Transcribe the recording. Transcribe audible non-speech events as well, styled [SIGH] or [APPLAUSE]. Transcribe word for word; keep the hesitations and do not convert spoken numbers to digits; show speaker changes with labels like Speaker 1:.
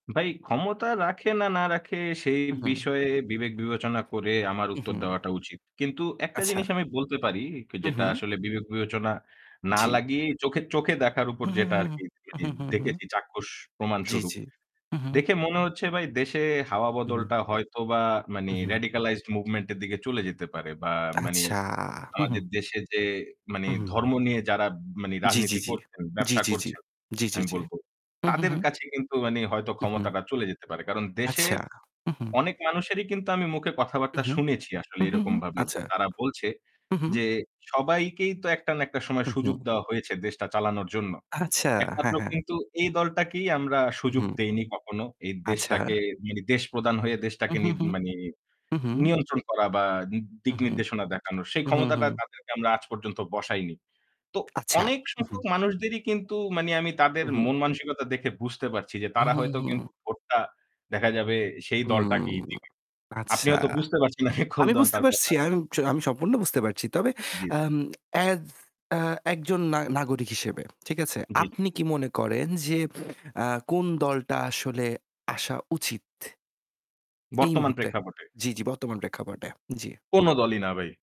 Speaker 1: ভাই ক্ষমতা রাখে না, না রাখে সেই
Speaker 2: উ হু,
Speaker 1: বিষয়ে বিবেক বিবেচনা করে আমার
Speaker 2: উ,
Speaker 1: উত্তর
Speaker 2: হুম।
Speaker 1: দেওয়াটা উচিত। কিন্তু একটা
Speaker 2: আচ্ছা।
Speaker 1: জিনিস আমি বলতে পারি কে
Speaker 2: উ,
Speaker 1: যেটা
Speaker 2: হু।
Speaker 1: আসলে বিবেক-বিবেচনা না
Speaker 2: জি।
Speaker 1: লাগিয়েই চোখে চোখে দেখার উপর
Speaker 2: হু, হু,
Speaker 1: যেটা
Speaker 2: হু,
Speaker 1: আর
Speaker 2: হু,
Speaker 1: কি
Speaker 2: উ
Speaker 1: [UNINTELLIGIBLE]
Speaker 2: হু, হু।
Speaker 1: দেখেছি চাক্ষুষ প্রমাণ
Speaker 2: জি,
Speaker 1: স্বরূপ।
Speaker 2: জি। হু, হু।
Speaker 1: দেখে মনে হচ্ছে ভাই দেশে হাওয়া
Speaker 2: উ হু।
Speaker 1: বদলটা হয়তোবা মানে
Speaker 2: উ হু।
Speaker 1: radicalized movement এর দিকে চলে যেতে পারে বা মানি
Speaker 2: আচ্ছা। হু, হু,
Speaker 1: আমাদের
Speaker 2: হু।
Speaker 1: দেশে যে মানি
Speaker 2: উ হু।
Speaker 1: ধর্ম নিয়ে যারা মানি
Speaker 2: জি, জি,
Speaker 1: রাজনীতি
Speaker 2: জি,
Speaker 1: করছেন,
Speaker 2: জি,
Speaker 1: ব্যবসা
Speaker 2: জি, জি,
Speaker 1: করছেন
Speaker 2: জি, জি,
Speaker 1: আমি
Speaker 2: জি।
Speaker 1: বলব।
Speaker 2: হু, হু,
Speaker 1: তাদের
Speaker 2: হু।
Speaker 1: কাছে কিন্তু মানি হয়তো
Speaker 2: উ হু।
Speaker 1: ক্ষমতাটা চলে যেতে পারে। কারণ
Speaker 2: আচ্ছা,
Speaker 1: দেশের
Speaker 2: উ হু।
Speaker 1: অনেক মানুষেরই কিন্তু আমি মুখে
Speaker 2: উ
Speaker 1: কথাবার্তা
Speaker 2: হু,
Speaker 1: শুনেছি আসলে
Speaker 2: উ হু, হু,
Speaker 1: এরকমভাবে যে
Speaker 2: আচ্ছা।
Speaker 1: তারা বলছে
Speaker 2: উ হু।
Speaker 1: যে সবাইকেই তো একটা না একটা সময়
Speaker 2: উ
Speaker 1: সুযোগ
Speaker 2: হুম।
Speaker 1: দেওয়া হয়েছে দেশটা চালানোর জন্য।
Speaker 2: আচ্ছা।
Speaker 1: একমাত্র
Speaker 2: হ্যাঁ, হ্যাঁ।
Speaker 1: কিন্তু এই দলটাকেই আমরা
Speaker 2: উ
Speaker 1: সুযোগ
Speaker 2: হু।
Speaker 1: দেইনি কখনো, এই
Speaker 2: আচ্ছা।
Speaker 1: দেশটাকে মানে দেশ প্রধান হয়ে
Speaker 2: উ
Speaker 1: দেশটাকে নি
Speaker 2: হু, হু।
Speaker 1: মানি
Speaker 2: উ হু।
Speaker 1: নিয়ন্ত্রণ করা বা
Speaker 2: উ
Speaker 1: দিক
Speaker 2: হুম।
Speaker 1: নির্দেশনা দেখানো সেই
Speaker 2: উ হু, হু।
Speaker 1: ক্ষমতাটা তাদেরকে আমরা আজ পর্যন্ত বসাইনি। তো
Speaker 2: আচ্ছা।
Speaker 1: অনেক
Speaker 2: উ হু।
Speaker 1: সংখ্যক মানুষদেরই কিন্তু মানি আমি তাদের
Speaker 2: উ, হু।
Speaker 1: মন-মানসিকতা দেখে বুঝতে পারছি যে,
Speaker 2: উ
Speaker 1: তারা
Speaker 2: হু,
Speaker 1: হয়তো
Speaker 2: হুম।
Speaker 1: কিন্তু ভোটটা দেখা যাবে সেই
Speaker 2: হুম
Speaker 1: দলটাকেই দিবে। আপনি
Speaker 2: আচ্ছা।
Speaker 1: হয়তো বুঝতে পারছেন হ্যাঁ কোন
Speaker 2: আমি বুঝতে
Speaker 1: দলটার কথা
Speaker 2: পারছি। আমি
Speaker 1: বলছি।
Speaker 2: আমি সম্পূর্ণ বুঝতে পারছি। তবে,
Speaker 1: জী।
Speaker 2: আম অ্যাদ আ এক জন না নাগরিক হিসেবে, ঠিক আছে?
Speaker 1: জি।
Speaker 2: আপনি কি মনে করেন যে, আ কোন দলটা আসলে আসা উচিত এই
Speaker 1: বর্তমান
Speaker 2: মুহূর্তে?
Speaker 1: প্রেক্ষাপটে।
Speaker 2: জি, জি বর্তমান প্রেক্ষাপটে। জি।
Speaker 1: কোন দলই না ভাই।